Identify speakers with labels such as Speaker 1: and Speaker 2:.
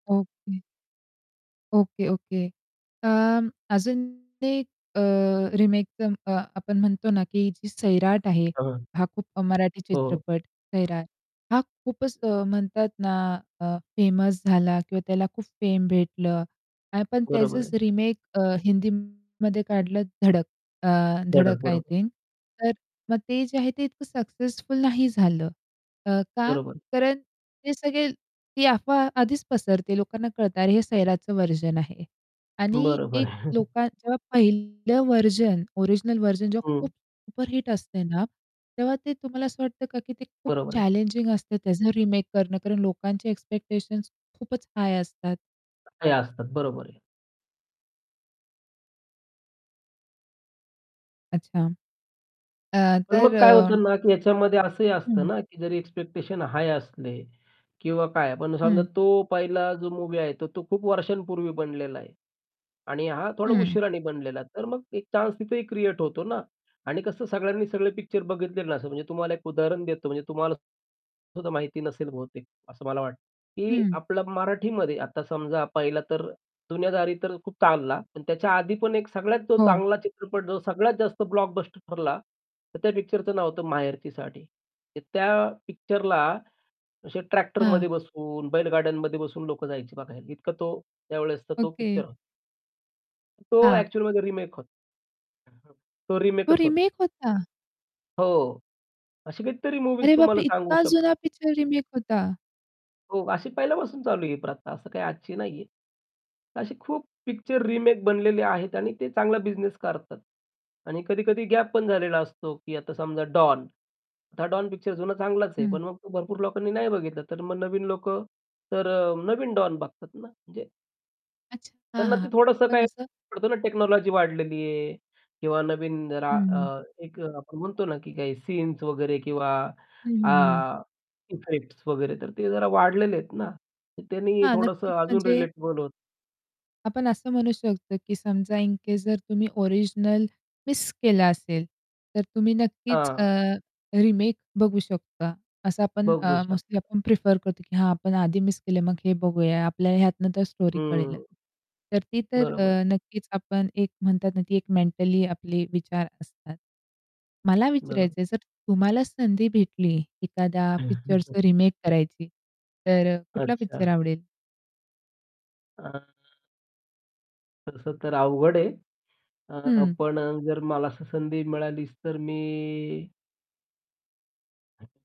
Speaker 1: Okay. Okay, okay. अं, अजून ते एक अ, रिमेक अं, अ आपण म्हणतो ना की जी सैराट आहे
Speaker 2: हां.
Speaker 1: हा खूप मराठी
Speaker 2: हो.
Speaker 1: चित्रपट सैराट हा खूपच म्हणतात ना, अ, फेमस झाला किंवा त्याला खूप फेम भेटलं आणि आपण
Speaker 2: बरोबर
Speaker 1: त्याचच
Speaker 2: आहे.
Speaker 1: रिमेक अ, हिंदीमध्ये काढलं धडक अ,
Speaker 2: धडक
Speaker 1: धडक आय
Speaker 2: बरोबर.
Speaker 1: थिंक तर मग ते जे आहे ते इतकं सक्सेसफुल नाही झालं. अ, का?
Speaker 2: बरोबर.
Speaker 1: कारण ते सगळे ती अफवा आधीच पसरते लोकांना कळतं, अरे हे सैराचं व्हर्जन आहे. आणि
Speaker 2: बरोबर.
Speaker 1: एक लोका जेव्हा पहिलं व्हर्जन, ओरिजिनल व्हर्जन जेव्हा खूप
Speaker 2: हं.
Speaker 1: सुपरहिट असते ना, तेव्हा ते तुम्हाला असं वाटतं का की ते खूप
Speaker 2: बरोबर आहे.
Speaker 1: चॅलेंजिंग असतं त्याचं रिमेक करणं कारण लोकांचे एक्स्पेक्टेशन्स खूपच हाय असतात.
Speaker 2: [unintelligible] काही असतात, बरोबर आहे.
Speaker 1: अच्छा. अ,
Speaker 2: पण
Speaker 1: तर
Speaker 2: मग काय
Speaker 1: अ,
Speaker 2: होतं ना, की ह्याच्यामध्ये असंही असतं
Speaker 1: हं.
Speaker 2: ना की जरी एक्स्पेक्टेशन हाय असले किंवा काय, पण समजा
Speaker 1: हं.
Speaker 2: तो पहिला जो मूव्ही आहे, तर तो खूप वर्षांपूर्वी बनलेला आहे आणि हा थोडा
Speaker 1: हं.
Speaker 2: उशिराने बनलेला आहे, तर मग एक चान्स तिथेही क्रिएट होतो ना. आणि कसं सगळ्यांनी सगळे पिक्चर बघितले नसतात म्हणजे तुम्हाला एक उदाहरण देतो म्हणजे तुम्हाला सुद्धा माहिती नसेल बहुतेक, असं मला वाट की
Speaker 1: हं.
Speaker 2: आपला मराठीमध्ये आता समजा पहिला तर जुन्यादारी तर खूप ताणला, पण त्याच्या आधी पण एक सगळ्यात जो
Speaker 1: हो.
Speaker 2: चांगला चित्रपट जो सगळ्यात जास्त ब्लॉकबस्टर ठरला, तर त्या पिक्चरचं नाव होतं माहेरची साडी. तर त्या पिक्चरला असे
Speaker 1: हां.
Speaker 2: ट्रॅक्टरमध्ये बसून, बैलगाड्यांमध्ये बसून लोक जायची बघायला, इतका तो त्यावेळेस तर तो
Speaker 1: ओके.
Speaker 2: पिक्चर होता. तर तो
Speaker 1: हां.
Speaker 2: ॲक्चुअलमध्ये रिमेक होत अ, हं. तो
Speaker 1: तो
Speaker 2: रिमेकच होता.
Speaker 1: रिमेक होता.
Speaker 2: हो. अशी काहीतरी मूव्हीज
Speaker 1: अरे बापरे!
Speaker 2: तुम्हाला सांगू
Speaker 1: इतका
Speaker 2: शक
Speaker 1: जुना पिक्चर रिमेक होता!
Speaker 2: हो, अशी पहिल्यापासून चालू आहे प्रथा, असं काही आजची नाहीये. असे खूप पिक्चर रिमेक बनलेले आहेत आणि ते चांगला बिझनेस करतात. आणि कधी-कधी गॅप पण झालेला असतो, की आता समजा डॉन. आता हा डॉन पिक्चर जुना चांगलाच आहे.
Speaker 1: हं.
Speaker 2: पण मग तो भरपूर लोकांनी नाही बघितला, तर मग नवीन लोक तर अ, नवीन डॉन बघतात ना, म्हणजे
Speaker 1: अच्छा. हां,
Speaker 2: त्यांना
Speaker 1: हां,
Speaker 2: ते
Speaker 1: हां.
Speaker 2: थोडंसं
Speaker 1: पण
Speaker 2: काही
Speaker 1: असं
Speaker 2: पडतं ना टेक्नॉलॉजी वाढलेली आहे किंवा नवीन रा
Speaker 1: हं.
Speaker 2: अ, एक आपण म्हणतो ना, की सीन्स वगैरे किंवा
Speaker 1: हं, हं, हं.
Speaker 2: आ, इफेक्ट्स वगैरे तर ते जरा वाढलेले आहेत ना, तर त्यांनी
Speaker 1: हां, नक्कीच
Speaker 2: थोडंसं अजून
Speaker 1: म्हणजे
Speaker 2: रिलेटेबल होतं.
Speaker 1: आपण असं म्हणू शकतो, की समजा इन केस जर तुम्ही ओरिजिनल मिस केलं असेल, तर तुम्ही नक्कीच अ,
Speaker 2: हां.
Speaker 1: रिमेक बघू शकता. असं आपण
Speaker 2: बघू
Speaker 1: अ,
Speaker 2: शकता.
Speaker 1: मोस्टली आपण प्रिफर करतो की हां, आपण आधी मिस केलं मग हे बघूया, आपल्याला ह्यातनं तर स्टोरी कळेलच.
Speaker 2: हम्म.
Speaker 1: तर ती तर
Speaker 2: बरोबर.
Speaker 1: अ, नक्कीच आपण एक म्हणतात ना, ती एक मेंटली आपले विचार असतात. मला
Speaker 2: बरोबर.
Speaker 1: विचारायचंय जर तुम्हाला संधी भेटली, एखाद्या पिक्चरचं रिमेक करायची तर अ, कुठला पिक्चर
Speaker 2: अच्छा.
Speaker 1: आवडेल?
Speaker 2: आ, तसं तर अवघड आहे. अ,
Speaker 1: हं.
Speaker 2: पण जर मला असं संधी मिळालीच तर मी